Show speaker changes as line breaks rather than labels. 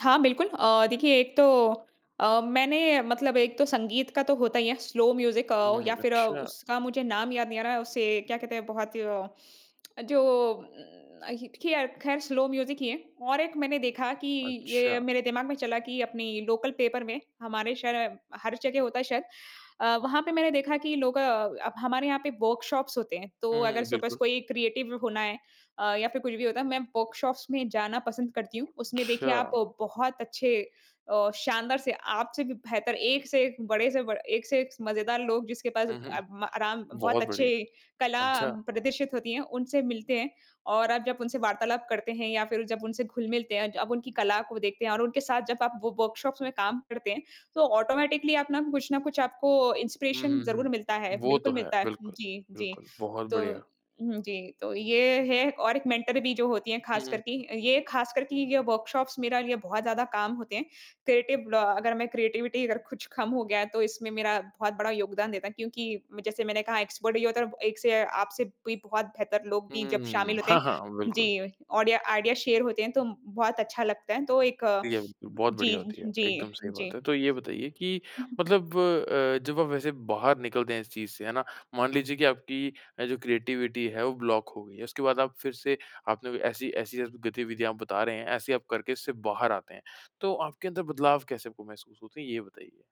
हाँ बिल्कुल, अ, देखिए एक तो अ, मैंने मतलब एक तो संगीत का तो होता ही है स्लो म्यूज़िक अ,
हुँ।
या फिर
अच्छा।
उसका मुझे नाम याद नहीं आ रहा है, उसे क्या कहते हैं? बहुत जो उम, ख़ैर ख़ैर स्लो म्यूज़िक ही है। और एक मैंने देखा कि ये
अच्छा।
मेरे दिमाग में चला कि अपनी लोकल पेपर में, हमारे शहर हर जगह होता है शायद अ, वहाँ पे मैंने देखा कि लोग अ, हमारे यहाँ पे वर्कशॉप्स होते हैं। तो
हुँ,
अगर
हुँ।
सपोज़
बिल्कुल।
कोई क्रिएटिव होना है अ, या फिर कुछ भी होता है, मैं वर्कशॉप्स में जाना पसंद करती हूँ। उसमें देखिए आप
अच्छा।
बहुत अच्छे अ, शानदार से, आपसे भी बेहतर, एक से एक, बड़े से ब एक से एक मज़ेदार लोग जिसके पास
हुँ, हुँ।
अ, आराम बहुत
बहुत बढ़िया।
अच्छी कला
अच्छा।
प्रदर्शित होती हैं, उनसे मिलते हैं। और आप जब उनसे वार्तालाप करते हैं या फिर जब उनसे घुल-मिलते हैं, अब उनकी कला को देखते हैं और उनके साथ जब आप व व वर्कशॉप्स में काम करते हैं, तो ऑटोमैटिकली आप अपना कुछ न कुछ आपको
हुँ,
इंस्पिरेशन
हुँ, हुँ।
ज़रूर मिलता है।
वो तो
बिल्कुल
है।
मिलता है।
बिल्कुल,
जी, जी।
बिल्कुल। बहुत
तो
बढ़िया।
जी। तो ये है और एक मेंटर भी जो होती है
हुँ,
ख़ास
हुँ।
कर कि ये ख़ास कर कि ये वर्कशॉप्स मेरा लिए बहुत ज़्यादा काम होते हैं। क्रिएटिव अ, अगर मैं क्रिएटिविटी अगर कुछ कम हो गया है तो इसमें मेरा बहुत बड़ा योगदान देता है क्योंकि जैसे मैंने कहा एक्सपर्ट होता, एक से आपसे भी बहुत बेहतर लोग
हुँ,
भी जब
हुँ,
शामिल
हुँ।
होते
हाँ,
हैं
हाँ। बिल्कुल।
जी, ऑडियो आइडियाज़ शेयर होते हैं तो बहुत अच्छा लगता है। तो एक
ठीक है। बहुत
जी,
बढ़िया होती है। एकदम
जी,
सही बात
जी।
है। तो ये बताइए कि
हुँ।
मतलब अ, जब आप वैसे बाहर निकलते हैं इस चीज़ से, है ना? मान लीजिए कि आपकी जो क्रिएटिविटी है वो ब्लॉक हो गई है। उसके बाद आप फिर से आपने ऐसी ऐसी गतिविधियाँ आप बता रहे हैं, ऐसी आप करके इससे बाहर आते हैं। तो आपके अंदर बदलाव कैसे आपको महसूस होते हैं ये बताइए?